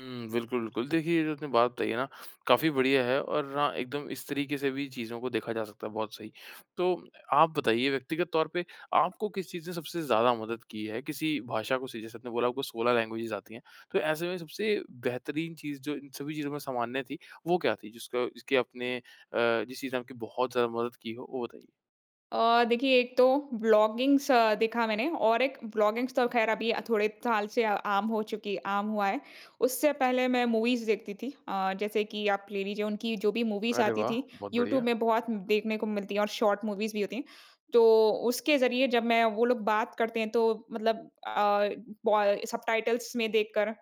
हुँ, बिल्कुल, बिल्कुल। देखिए, ये जो आपने बात बताई है ना काफ़ी बढिया है और हाँ एकदम इस तरीक़े से भी चीज़ों को देखा जा सकता है बहुत सही। तो आप बताइए व्यक्तिगत तौर पे आपको किस चीज़ ने सबसे ज़्यादा मदद की है किसी भाषा को सीखने जैसे आपने बोला आपको 16 लैंग्वेजेज़ आती हैं। तो ऐसे में सबसे बेहतरीन चीज़ जो इन सभी चीज़ों में सामान्य थी वो क्या थी जिसका जिसके आपने अ, जिस चीज़ ने आपकी बहुत ज़्यादा मदद की हो वो बताइए? अ, देखिए एक तो ब्लॉगिंग्स देखा मैंने और एक ब्लॉगिंग्स तो ख़ैर अभी थोड़े साल से अ, आम हो चुकी है आम हुआ है। उससे पहले मैं मूवीज़ देखती थी। अ, जैसे कि आप ले लीजिए उनकी जो भी मूवीज़ अरे आती वाह! थी बहुत यूट्यूब बढ़िया। में बहुत देखने को मिलती है और शॉर्ट मूवीज़ भी होती हैं। तो उसके ज़रिए जब मैं वो लोग बात करते हैं तो मतलब अ, ब सबटाइटल्स में देखकर अ,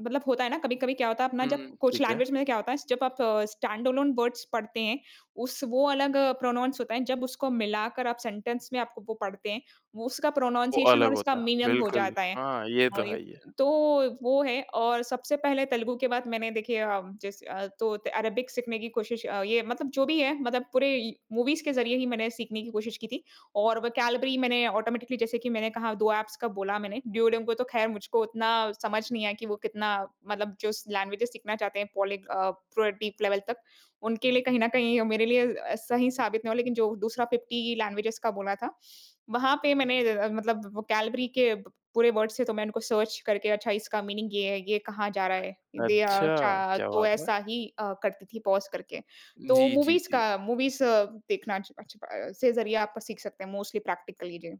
मतलब होता है ना, कभी-कभी क्या होता है अपना जब हुँ, कुछ ठीक है। लैंग्वेज़ में क्या होता है जब आप स्टैंड एलोन वर्ड्स पढ़ते हैं, उस वो अलग प्रोनाउंस होता है जब उसको मिलाकर आप सेंटेंस में आप वो पढ़ते हैं, उसका वो प्रोनन्सिएशन अलग और उसका होता है। मीनिंग हो बिल्कुल। जाता है। हाँ, ये हाँ, तो ये है ही है। तो वो है और सबसे पहले तेलुगु के बाद मैंने देखिए अ, जैसे अ, तो अरेबिक सीखने की कोशिश अ, ये मतलब जो भी है मतलब पूरे मूवीज़ के ज़रिए ही मैंने सीखने की कोशिश की थी। और वोकैब्यलेरी मैंने ऑटोमैटिकली जैसे कि मैंने कहा 2 एप्स का बोला मैंने दुओलिंगों को तो ख़ैर मुझको उतना समझ नहीं आया कि वो कितना मतलब जो लैंग्वेज सीखना चाहते हैं। पॉलीग अ, पूरे डीप लेवल तक उनके लिए कहीं न कहीं मेरे लिए सही साबित नहीं हो लेक़िन जो दूसरा 50 लैंग्वेज़ का बोला था, वहाँ पे मैंने मतलब वोकैब्यलेरी के प पूरे वर्ड्स थे तो मैं उनको सर्च करके अच्छा इसका मीनिंग ये है, ये कहाँ जा रहा है? दे अ, अच्छा, च क्या तो बात है। ऐसा ही अ, करती थी पॉज़ करके। तो जी, जी, मूवीज़ जी। का मूवीज़ देखना अच् अच् अ, से ज़रिए आप सीख सकते हैं। मोस्टली प्रैक्टिकली जी।